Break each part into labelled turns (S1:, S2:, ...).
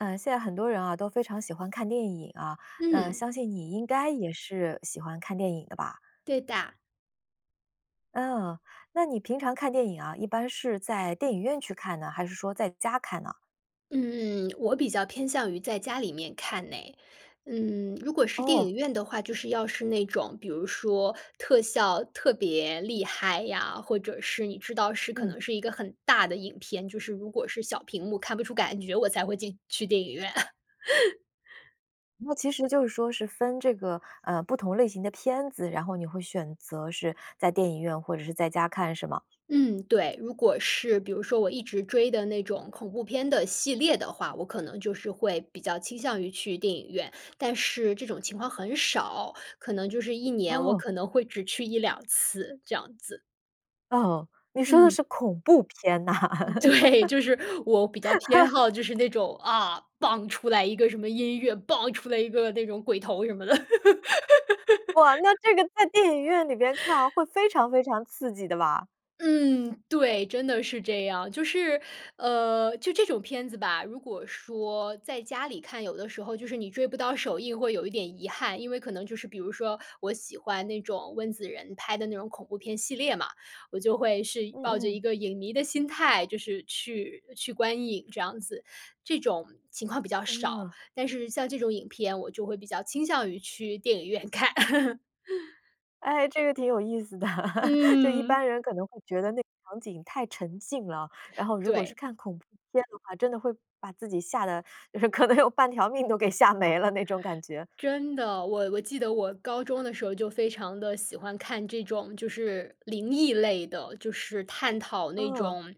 S1: 嗯，现在很多人啊，都非常喜欢看电影啊。呃，
S2: 嗯。
S1: 相信你应该也是喜欢看电影的吧？
S2: 对的。
S1: 嗯，那你平常看电影啊，一般是在电影院去看呢，还是说在家看呢？
S2: 嗯，我比较偏向于在家里面看哎。嗯，如果是电
S1: 哦。
S2: 影院的话，就是要是那种，比如说特效特别厉害呀，或者是你知道是可
S1: 嗯。
S2: 能是一个很大的影片，就是，如果是小屏幕看不出感觉，我才会进去电影院。
S1: 那其实就是说是分这个，呃，不同类型的片子，然后你会选择是在电影院或者是在家看是吗？
S2: 嗯，对，如果是比如说我一直追的那种恐怖片的系列的话，我可能就是会比较倾向于去电影院。但是这种情况很少，可能就是1年，我
S1: 哦。
S2: 可能会只去1-2次，这样子。
S1: 哦，你说的
S2: 嗯。
S1: 是恐怖片呐？
S2: 对，就是我比较偏 好，就是那种啊，𠳐，出来一个什么音乐，𠳐，出来一个那种鬼头什么的。
S1: 哇，那这个在电影院里边看，会非常非常刺激的吧？
S2: 嗯，对，真的是这样。就是，呃，就这种片子吧，如果说在家里看，有的时候就是你追不到首映会有一点遗憾，因为可能就是比如说我喜欢那种温子仁拍的那种恐怖片系列嘛，我就会是抱着
S1: 嗯
S2: 一
S1: 嗯。
S2: 个影迷的心态，就是去去观影这样子。这种情况比较少，
S1: 嗯。
S2: 但是像这种影片，我就会比较倾向于去电影院看。
S1: 哎，这个挺有意思的，就一
S2: 嗯。
S1: 般人可能会觉得那个场景太沉浸了哦，然后如果
S2: 对。
S1: 是看恐怖片的话，真的会把自己吓得，就是可能有半条命都给吓没了那种感觉。
S2: 真的，我我记得我高中的时候就非常地喜欢看这种，就是灵异类的，就是探讨那
S1: 嗯。
S2: 种，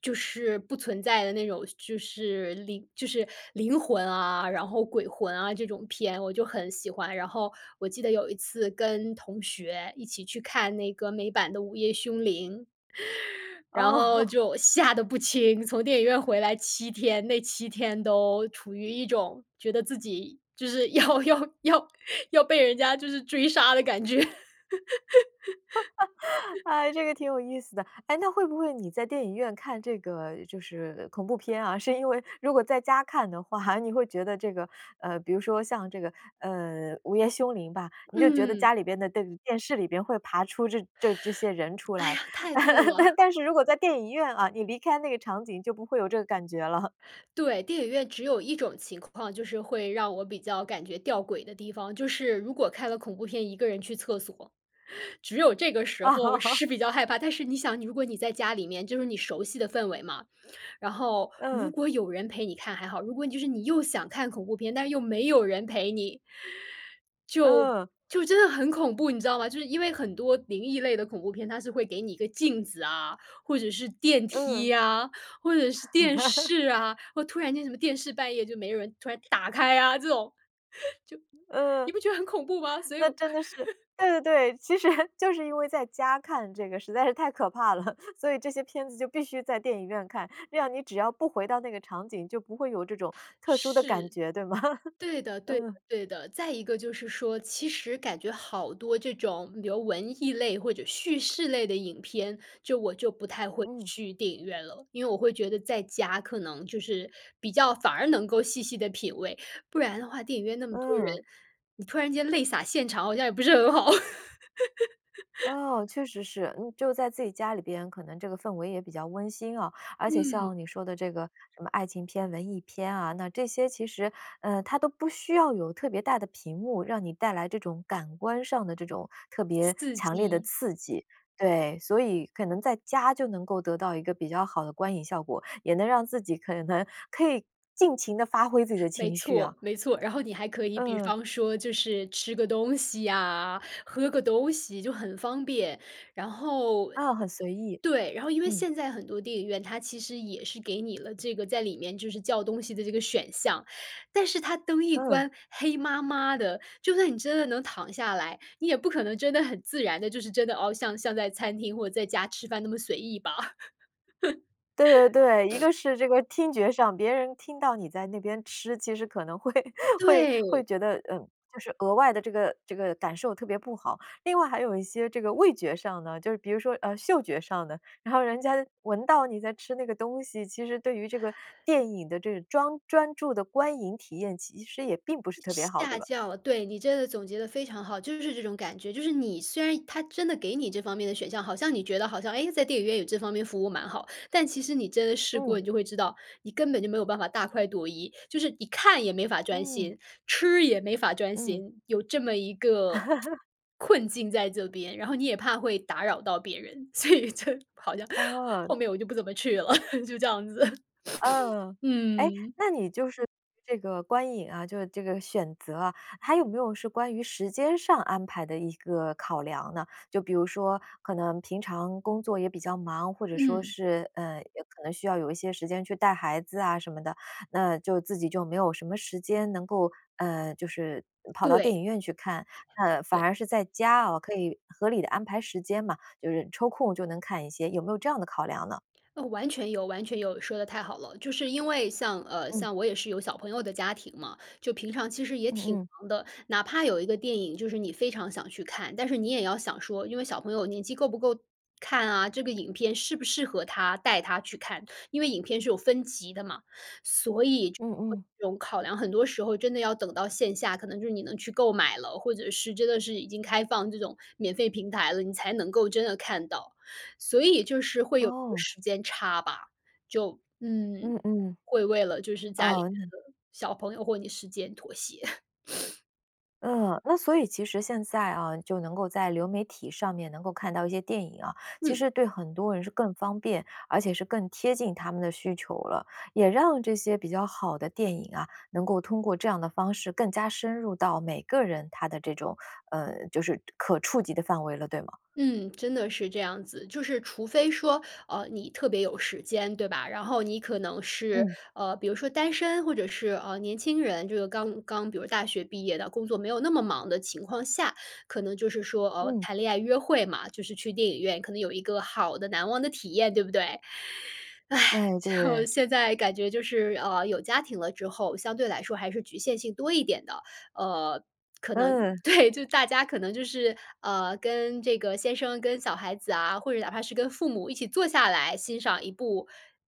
S2: 就是不存在的那种，就是灵就是灵魂啊，然后鬼魂啊，这种片，我就很喜欢。然后我记得有一次跟同学一起去看那个美版的《午夜凶铃》。然
S1: 哦。
S2: 后 就吓得不轻，从电影院回来7天，那7天都处于一种觉得自己就是要要要要被人家就是追杀的感觉。
S1: 哎，这 个挺有意思的。哎，那会不会你在电影院看这个就是恐怖片啊，是因为如果在家看的话，你会觉得这个，呃，比如说像这个，呃，《午夜凶铃》吧，你就觉得
S2: 嗯。
S1: 家里边的电电视里边会爬出这这这些人出
S2: 哎
S1: 来。
S2: 呀，太对了。
S1: 但是如果在电影院啊，你离开那个场景就不会有这个感觉了。
S2: 对，电影院只有一种情况，就是会让我比较感觉吊诡的地方，就是如果看了恐怖片，一个人去厕所，只有这个时候
S1: 哦。
S2: 是比较害怕，但是你想，如果你在家里面，就是你熟悉的氛围嘛，然后如
S1: 嗯。
S2: 果有人陪你看还好，如果就是你又想看恐怖片，但是又没有人陪你。就，
S1: 嗯。
S2: 就真的很恐怖，你知道吗？就是因为很多灵异类的恐怖片，它是会给你一个镜子啊，或者是电
S1: 嗯。
S2: 梯啊，或者是电 视啊。哦，突然间什么电视半夜就没有人突然打开啊这种，就你
S1: 呃，
S2: 不觉得很恐怖吗？所以
S1: 那
S2: 我
S1: 真的是 对对对。其实就是因为在家看这个实在是太可怕了，所以这些片子就必须在电影院看，这样你只要不回到那个场景，就不会有这种特殊的感
S2: 是，
S1: 觉，对吗？
S2: 对的，对的，
S1: 嗯。
S2: 对的。再一个就是说，其实感觉好多这种比如文艺类或者叙事类的影片，就我就不太会
S1: 嗯。
S2: 去电影院了，因为我会觉得在家可能就是比较反而能够细细地品味。不然的话，电影院那么多人，
S1: 嗯。
S2: 你突然间泪洒现场，好像也不是很好。
S1: 哦，确实是。嗯，就在自己家里边，可能这个氛围也比较温馨哦，而且
S2: 嗯。
S1: 像你说的这个什么爱情片、文艺片啊，那这些其实，呃，它都不需要有特别大的屏幕，让你带来这种感官上的这种特别
S2: 刺
S1: 强烈的
S2: 激。
S1: 刺激，对，所以可能在家就能够得到一个比较好的观影效果，也能让自己可能可以尽情地发挥自己的
S2: 没
S1: 情绪啊。
S2: 错，没错，然后你还可以比
S1: 嗯。
S2: 方说就是吃个东西呀，喝个东西就很方便。然后
S1: 啊，很随意，
S2: 对，然后因为
S1: 嗯。
S2: 现在很多电影院，它其实也是给你了这个，在里面就是“叫东西”的这个选项，但是它灯一
S1: 嗯。
S2: 关黑麻麻的，就算你真的能躺下来，你也不可能真的很自然地，就是真的，哦，像像在餐厅或在家吃饭那么随意吧？
S1: 对对对，一 个是这个听觉上，别人听到你在那边吃，其实可能会会
S2: 对。
S1: 会觉得，嗯，就是额外的这个这个感受特别不好。另外还有一些这个味觉上呢，就比如说，呃，嗅觉上呢，然后人家闻到你在吃那个东西，其实对于这个电影的这个专专注的观影体验其实也并不是特别好，对
S2: 吓
S1: 吧？
S2: 叫对，你真的总结得非常好，就是这种感觉，就是你虽然它真的给你这方面的选项，好像你觉得好像，哎，在电影院有这方面服务蛮好，但其实你真的试过，
S1: 嗯。
S2: 你就会知道，你根本就没有办法大快朵颐，就是你看也没法专
S1: 嗯。
S2: 心，吃也没法专
S1: 嗯。
S2: 心。有这么一个 困境在这边，然后你也怕会打扰到别人，所以就好像
S1: 哦。
S2: 后面我就不怎么去了，就这样子。
S1: 嗯，诶，
S2: 嗯。
S1: 那你就是这个观影啊，就这个选择啊，还有没有是关于时间上安排的一个考量呢？就比如说，可能平常工作也比较忙，或者说
S2: 嗯。
S1: 是，呃，也可能需要有一些时间去带孩子啊什么的，那就自己就没有什么时间能够，呃，就是跑到电
S2: 对。
S1: 影院去看，那反
S2: 对。
S1: 而是在家哦，可以合理地安排时间嘛，就是抽空就能看一些，有没有这样的考量呢？
S2: 哦，完全有，完全有，说得太好了。就是因为像呃，
S1: 嗯。
S2: 像我也是有小朋友的家庭嘛，就平常其实也
S1: 嗯
S2: 挺
S1: 嗯。
S2: 忙的，哪怕有一个电影，就是你非常想去看，但是你也要想说，因为小朋友年纪够不够看啊，这个影片适不适合他，带他去看。因为影片是有分级的嘛。所以就
S1: 嗯嗯。
S2: 这种考量很多时候真的要等到线下，可能就是你能去购买了，或者是真的是已经开放这种免费平台了，你才能够真的看到。所以就是会有一个
S1: 哦。
S2: 时间差吧。就嗯，
S1: 嗯嗯。
S2: 会为了就是家里面
S1: 哦，那
S2: 的小朋友或你时间妥协。
S1: 嗯，那所以其实现在啊，就能够在流媒体上面能够看到一些电影啊，其
S2: 嗯。
S1: 实对很多人是更方便，而且是更贴近他们的需求了。也让这些比较好的电影啊，能够通过这样的方式更加深入到每个人他的这种，呃，就是可触及的范围了，对吗？
S2: 嗯，真的是这样子。就是除非说，呃，你特别有时间，对吧？然后你可能是，
S1: 嗯。
S2: 呃，比如说单身，或者是，呃，年轻人，就是刚刚比如说大学毕业的，工作没有那么忙的情况下，可能就是说，呃，
S1: 嗯。
S2: 谈恋爱约会嘛。就是去电影院，可能有一个好的难忘的体验，对不对？唉，
S1: 哎，
S2: 就
S1: 对。
S2: 现在感觉就是，呃，有家庭了之后，相对来说还是局限性多一点的。呃，可能
S1: 嗯。
S2: 对，就大家可能就是，呃，跟这个先生跟小孩子啊，或者哪怕是跟父母一起坐下来欣赏一部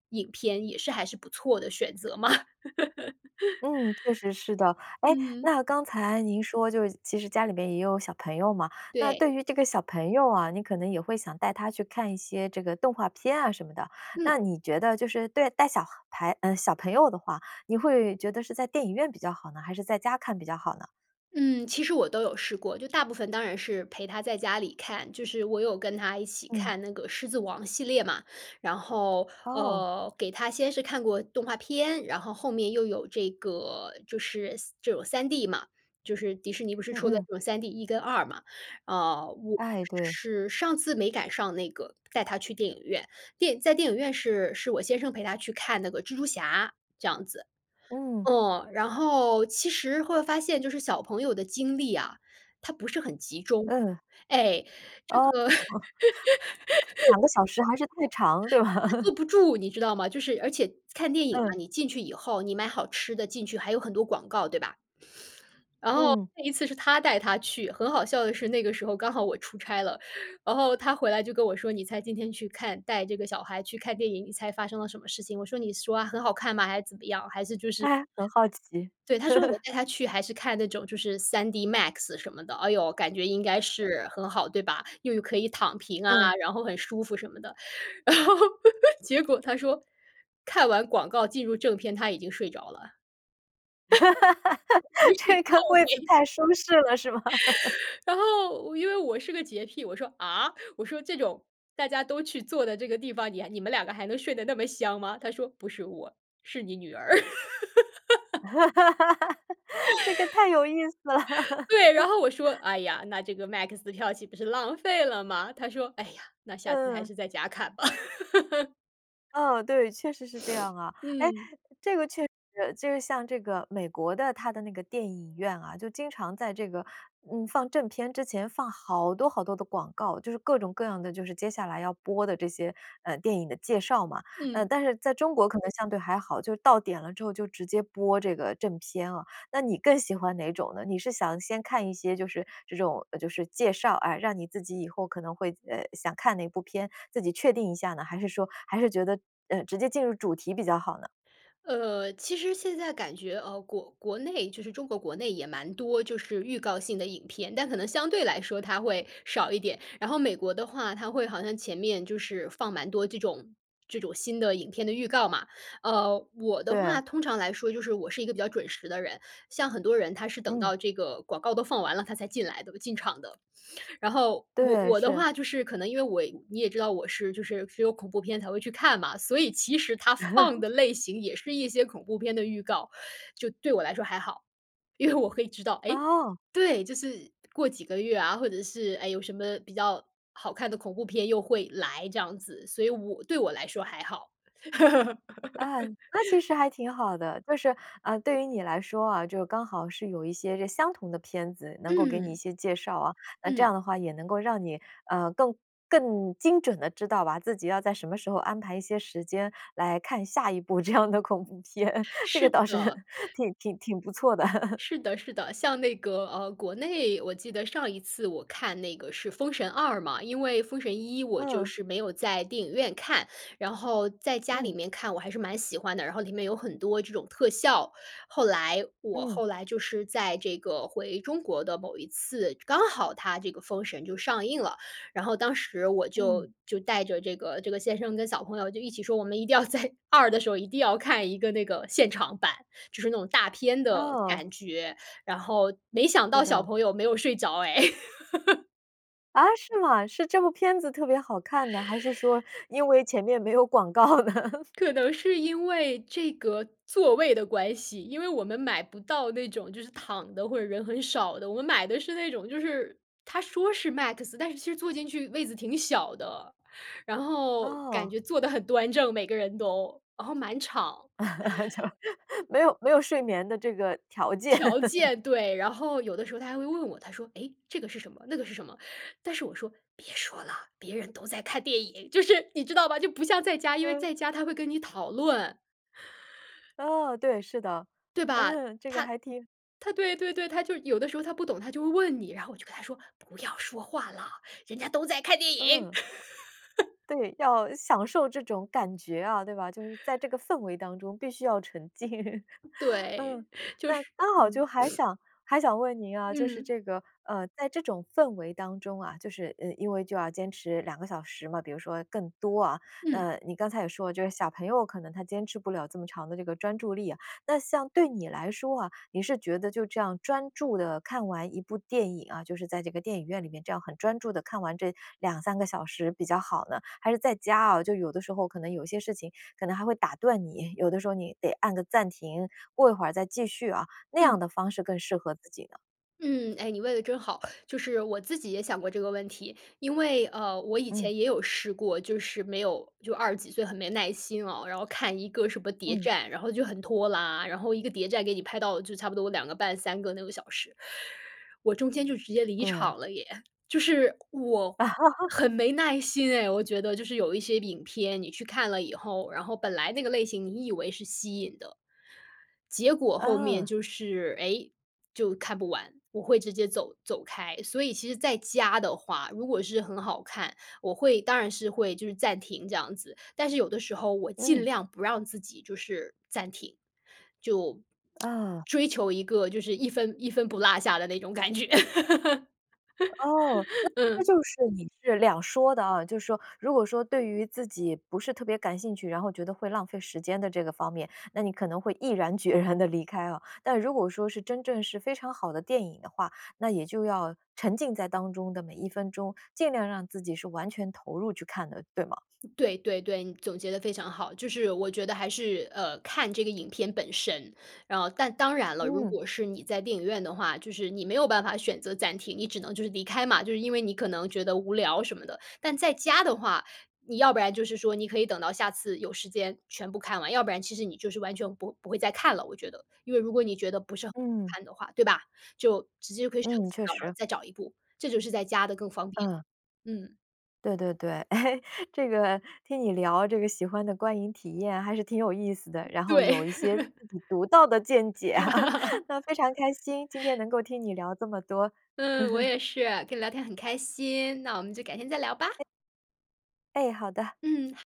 S2: 影片，也是还是不错的选择嘛。
S1: 嗯，确实是的。哎，
S2: 嗯。
S1: 那刚才您说就是其实家里面也有小朋友嘛。那
S2: 对。
S1: 对于这个小朋友啊，你可能也会想带他去看一些这个动画片啊什么的，
S2: 嗯。
S1: 那你觉得就是对，带小孩嗯，小朋友的话，你会觉得是在电影院比较好呢，还是在家看比较好呢？
S2: 嗯，其实我都有试过，就大部分当然是陪她在家里看，就是我有跟她一起
S1: 嗯。
S2: 看那个《狮子王》系列嘛。然后，
S1: 哦。
S2: 呃，给她先是看过动画片，然后后面又有这个，就是3这种 3D 嘛，就是迪士尼不是
S1: 嗯
S2: 出了这
S1: 嗯。
S2: 种 3D 1跟2嘛。呃，我
S1: 哎，对。
S2: 是上次没赶上那个，带她去电影院，电在电影院是，是我先生陪她去看那个《蜘蛛侠》，这样子。
S1: 嗯。
S2: 嗯，然后其实会发现就是小朋友的精力啊，她不是很集中。
S1: 嗯。
S2: 哎，这
S1: 哦，
S2: 个
S1: 2个小时还是太长，对吧？
S2: 她 坐不住，你知道吗？就是而且看电影
S1: 嗯。
S2: 啊，你进去以后，你买好吃的进去，还有很多广告，对吧？然后
S1: 嗯。
S2: 那一次是他带她去，很好笑的是那个时候刚好我出差了，然后他回来就跟我说：”你猜今天去看带这个小孩去看电影，你猜发生了什么事情？”我说：”你说啊，很好看吗，还是怎么样，还是就是”
S1: 哎，很好奇。
S2: 对，他说：“我 带她去还是看那种，就是 3DMAX 什么的。”哎哟，感觉应该是很好，对吧？又可以躺平啊，
S1: 嗯。
S2: 然后很舒服什么的。然后结果他说：“看完广告进入正片，她已经睡着了。”
S1: 这个位子
S2: [unintelligible]
S1: 太舒适了，是吗？
S2: 然后因为我是个洁癖，我说：“啊？我说这种大家都去坐的这个地方，你还你们2个还能睡得那么香吗？”他说：“不是我，是你女儿。”
S1: 这个太有意思了。
S2: 对，然后我说：“哎呀，那这个 MAX 的票岂不是浪费了吗？他说：“哎呀，那下次还
S1: 嗯。
S2: 是在家看吧。”
S1: 嗯，对，确实是这样啊。诶，
S2: 嗯。
S1: 这个确实，就是像这个，美国的它的那个电影院啊，就经常在这个，嗯，放正片之前放好多好多的广告，就是各种各样的，就是接下来要播的这些，呃，电影的介绍嘛。嗯，
S2: 嗯。
S1: 但是在中国可能相对还好，就是到点了之后就直接播这个正片啊，那你更喜欢哪种呢？你是想先看一些就是，这种就是介绍啊，让你自己以后可能会，呃，想看哪一部片，自己确定一下呢，还是说还是觉得，嗯，直接进入主题比较好呢？
S2: 呃，其实现在感觉，呃，国国内，就是中国国内也蛮多就是预告性的影片。但可能相对来说它会少一点。然后美国的话，它会好像前面就是放蛮多这种这种新的影片的预告嘛。呃，我的话
S1: 对。
S2: 通常来说，就是我是一个比较准时的人，像很多人他是等
S1: 嗯。
S2: 到这个广告都放完了，他才进来的，进场的。然后我
S1: 对，
S2: 我的
S1: 是。
S2: 话就是可能因为我你也知道我是就是是有恐怖片才会去看嘛，所以其实它放的 类型也是一些恐怖片的预告，就对我来说还好。因为我可以知道，诶
S1: 哦。
S2: 对，就是过几个月啊，或者是，哎，有什么比较好看的恐怖片又会来这样子，所以我对我来说还好。
S1: 啊，那其 实还挺好的。就是，呃，对于你来说啊，就刚好是有一些个相同的片子，能够给你一
S2: 嗯。
S1: 些介绍啊，那这样
S2: 嗯。
S1: 的话也能够让你，呃，更更精准的知道吧，自己要在什么时候安排一些时间来看下一部这样的恐怖片。这个
S2: 是
S1: 倒是
S2: 的。
S1: 挺挺挺不错的。
S2: 是的，是的，像那个，呃，国内，我记得上一次我看那个是《封神》2嘛，因为《封神》1我就
S1: 嗯。
S2: 是没有在电影院看。然后在家
S1: 嗯。
S2: 里面看，我还是蛮喜欢的，然后里面有很多这种特效，后来我
S1: 嗯。
S2: 后来就是在这个，回中国的某一次，刚好它这个《封神》就上映了，然后当时我
S1: 嗯。
S2: 就，就带着这个，这个先生跟小朋友就一起说，我们一定要在2的时候，一定要看一个那个现场版，就是那种大片的
S1: 哦。
S2: 感觉，然后没想
S1: 是
S2: 到小
S1: 的。
S2: 朋友没有睡着诶。
S1: 啊，是吗？是这部片子特别好看呢？还是说因为前面没有广告呢？
S2: 可能是因为这个座位的关系，因为我们买不到那种，就是躺的或者人很少的。我们买的是那种，就是，它说是 MAX，但是其实坐进去位子挺小的，然后感
S1: 哦。
S2: 觉坐得很端正，每个人都，然后满场。
S1: 就，没有没有睡眠的这个条件。
S2: 条 件，对。然后有的时候他还会问我，他说：“诶，这个是什么，那个是什么？”但是我说：“别说了，别人都在看电影。”就是你知道吧，就不像在家，因为
S1: 嗯。
S2: 在家他会跟你讨论。
S1: 哦，对，是的，
S2: 对吧，
S1: 嗯，这个
S2: 他
S1: 还挺
S2: 他对对对，他就是有的时候他不懂，他就会问你，然后我就跟他说：“不要说话了，人家都在看电影。”
S1: 嗯。对，要享受这种感觉啊，对吧？就是在这个氛围当中必须要沉浸。嗯。
S2: 对，就
S1: 那
S2: 是
S1: 刚好
S2: 嗯。
S1: 就还 想，还想问您啊，就是
S2: 嗯。
S1: 这个，呃，在这种氛围当中啊，就是，呃，因为就要坚持2个小时嘛，比如说更多啊，
S2: 嗯。
S1: 呃，你刚才也说啊，就是小朋友可能他坚持不了这么长的这个专注力啊。那像对你来说啊，你是觉得就这样专注地看完一部电影啊，就是在这个电影院里面这样很专注地看完这2-3个小时比较好呢？还是在家啊，就有的时候可能有些事情可能还会打断你，有的时候你得按个暂停，过一会儿再继续啊，那样
S2: 嗯。
S1: 的方式更适合自己呢？
S2: 嗯，诶，你问得真好，就是我自己也想过这个问题。因为，呃，我以
S1: 嗯。
S2: 前也有试过，就是没有，就20几岁很没耐心哦，然后看一个什么谍
S1: 嗯。
S2: 战，然后就很拖拉。然后一个谍战给你拍到就差不多2个半、3个那个小时，我中间就直接离
S1: 对。
S2: 场了耶。就是我 很没耐心诶，我觉得。就是有一些影片，你去看了以后，然后本来那个类型你以为是吸引的，结果后面
S1: 嗯。
S2: 就是，诶，就看不完，我会直接走走开。所以其实在家的话，如果是很好看，我会，当然是会就是暂停这样子，但是有的时候我尽
S1: 嗯。
S2: 量不让自己就是暂停，就
S1: 啊。
S2: 追求一个就是一分一分不落下的那种感觉。
S1: 哦，那 其实
S2: 嗯。
S1: 就是你是两说的啊，就是说，如果说对于自己不是特别感兴趣，然后觉得会浪费时间的这个方面，那你可能会毅然决然地离开啊。但如果说是真正是非常好的电影的话，那也就要沉浸在当中的每一分钟，尽量让自己是完全投入去看的，对吗？
S2: 对对对，你总结得非常好，就是我觉得还是，呃，看这个影片本身。然后，但当然了，如
S1: 嗯。
S2: 果是你在电影院的话，就是你没有办法选择暂停，你只能就是离开嘛，就是因为你可能觉得无聊，什么的。但在家的话，你要不然就是说，你可以等到下次有时间全部看完，要不然，其实你就是完全不不会再看了，我觉得。因为如果你觉得不是很好
S1: 嗯。
S2: 看的话，对吧？就直接就可以选
S1: 嗯，
S2: 择
S1: 确
S2: 关掉，然后
S1: 实。
S2: 再找一部，这就是在家的，更方便了。
S1: 嗯。
S2: 嗯。
S1: 对对对。诶，这个听你聊这个喜欢的观影体验还是挺有意思的，然后有
S2: 对。
S1: 一些自己独到的见解。那非常开心，今天 能够听你聊这么多。
S2: 嗯，我 也是，跟你聊天很开心，那我们就改天再聊吧。
S1: 哎。哎，好的。
S2: 嗯，哈。